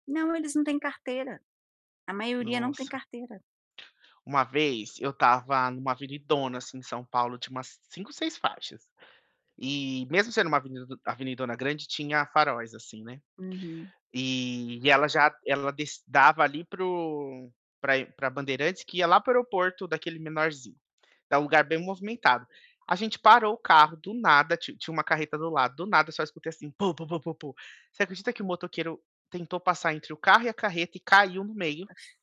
Não, eles não têm carteira. A maioria não tem Nossa. carteira. Uma vez, eu estava numa avenidona assim, em São Paulo, tinha umas 5, 6 faixas. E mesmo sendo uma avenidado avenidona grande tinha faróis assim, né, Uhum. e ela já ela des dava ali para o para ir para Bandeirantes, que ia lá para o aeroporto daquele menorzinho, então é um lugar bem movimentado. A gente parou o carro do nada, tin tinha uma carreta do lado, do nada só escutei assim, pô, pô, pô, pô, pô, você acredita que o motoqueiro tentou passar entre o carro e a carreta e caiu no meio? Nossa.